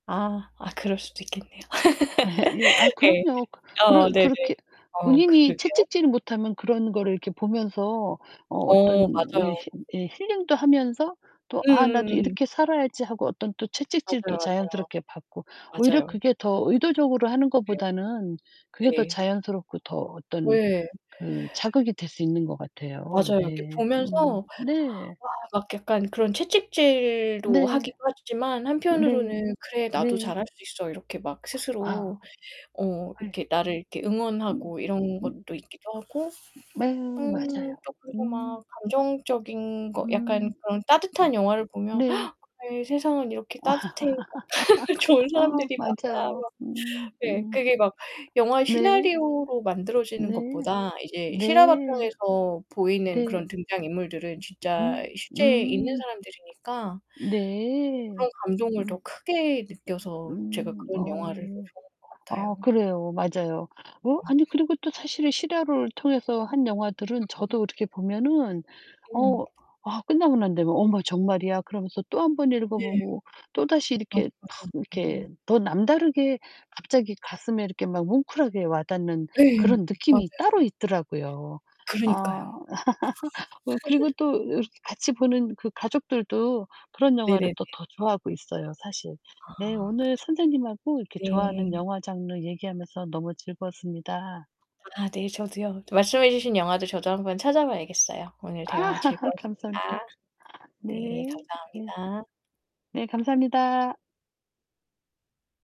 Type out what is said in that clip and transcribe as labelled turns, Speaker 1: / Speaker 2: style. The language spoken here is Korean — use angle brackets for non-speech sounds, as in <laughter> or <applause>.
Speaker 1: 아. 아, 그럴 수도 있겠네요.
Speaker 2: <laughs> 예. 아
Speaker 1: <laughs> 예.
Speaker 2: 그럼요. 그
Speaker 1: 아
Speaker 2: 그런
Speaker 1: 네네.
Speaker 2: 그렇게
Speaker 1: 어
Speaker 2: 본인이
Speaker 1: 그러게요.
Speaker 2: 채찍질을 못 하면 그런 거를 이렇게 보면서 어
Speaker 1: 어,
Speaker 2: 어떤 왜
Speaker 1: 맞아요.
Speaker 2: 힐 예 힐링도 하면서 또 '아 나도
Speaker 1: 음음음.
Speaker 2: 이렇게 살아야지.' 하고 어떤 또
Speaker 1: 맞아요,
Speaker 2: 채찍질도 자연스럽게 받고 오히려
Speaker 1: 맞아요. 맞아요.
Speaker 2: 그게 더 의도적으로 하는
Speaker 1: 네.
Speaker 2: 것보다는 그게 더
Speaker 1: 네.
Speaker 2: 자연스럽고 더 어떤
Speaker 1: 왜
Speaker 2: 그 자극이 될 수 있는 것 같아요.
Speaker 1: 맞아요. 이렇게
Speaker 2: 네.
Speaker 1: 보면서
Speaker 2: 음
Speaker 1: 와
Speaker 2: 네.
Speaker 1: 막 약간 그런 채찍질도
Speaker 2: 네.
Speaker 1: 하기도 하지만
Speaker 2: 네.
Speaker 1: 한편으로는 '그래 나도
Speaker 2: 네.
Speaker 1: 잘할 수 있어.' 이렇게 막
Speaker 2: 아.
Speaker 1: 스스로 어
Speaker 2: 예.
Speaker 1: 이렇게 나를 이렇게
Speaker 2: 음
Speaker 1: 응원하고 이런
Speaker 2: 음.
Speaker 1: 것도 있기도 하고.
Speaker 2: 네,
Speaker 1: 음.
Speaker 2: 맞아요.
Speaker 1: 또 그리고 막
Speaker 2: 음.
Speaker 1: 감정적인 거 약간
Speaker 2: 음.
Speaker 1: 그런 따뜻한 영화를 보면
Speaker 2: 네.
Speaker 1: <gasps> '아이 세상은 이렇게 따뜻해. 막 <laughs> 좋은
Speaker 2: <laughs> 아우,
Speaker 1: 사람들이 많아.'
Speaker 2: 맞아요.
Speaker 1: 막
Speaker 2: 음
Speaker 1: 네.
Speaker 2: 음.
Speaker 1: 그게 막 영화의
Speaker 2: 네.
Speaker 1: 시나리오로 만들어지는
Speaker 2: 네.
Speaker 1: 것보다 이제 실화
Speaker 2: 네.
Speaker 1: 바탕에서 보이는
Speaker 2: 네.
Speaker 1: 그런 등장인물들은
Speaker 2: 음
Speaker 1: 진짜 실제 있는
Speaker 2: 음.
Speaker 1: 사람들이니까 어
Speaker 2: 네.
Speaker 1: 그런 감동을 더
Speaker 2: 음.
Speaker 1: 크게 느껴서 제가
Speaker 2: 음.
Speaker 1: 그런
Speaker 2: 어.
Speaker 1: 영화를 더 좋아하는 것
Speaker 2: 아
Speaker 1: 같아요
Speaker 2: 그래요. 맞아요. 어
Speaker 1: 음.
Speaker 2: 아니요. 그리고 또 사실은 실화를 통해서 한 영화들은
Speaker 1: 으음.
Speaker 2: 저도 이렇게 보면은
Speaker 1: 음.
Speaker 2: 어 아 끝나고 난 다음에 '어머 정말이야?' 그러면서 또 1 번 읽어
Speaker 1: 네.
Speaker 2: 보고 또다시
Speaker 1: 맞아,
Speaker 2: 이렇게 막
Speaker 1: 맞아. 음.
Speaker 2: 이렇게 더 남다르게 갑자기 가슴에 이렇게 막 뭉클하게 와닿는
Speaker 1: 예예,
Speaker 2: 그런
Speaker 1: 맞아요.
Speaker 2: 느낌이 따로 있더라고요. 아.
Speaker 1: 그러니까요.
Speaker 2: <laughs> 어 그리고
Speaker 1: <laughs>
Speaker 2: 또 이렇게 그 같이 보는 그 가족들도 그런 영화를
Speaker 1: 네네네.
Speaker 2: 또 더 좋아하고 있어요, 사실. 네
Speaker 1: 아
Speaker 2: 오늘
Speaker 1: 그쵸.
Speaker 2: 선생님하고 이렇게
Speaker 1: 네.
Speaker 2: 좋아하는 영화 장르 얘기하면서 너무 즐거웠습니다.
Speaker 1: 아 네. 저도요. 또 말씀해 주신 영화도 저도 한번 찾아봐야겠어요. 오늘
Speaker 2: 아.
Speaker 1: 대화
Speaker 2: <laughs>
Speaker 1: 즐거웠습니다.
Speaker 2: 감사합니다. 네.
Speaker 1: 네.
Speaker 2: 네.
Speaker 1: 감사합니다.
Speaker 2: 네, 감사합니다.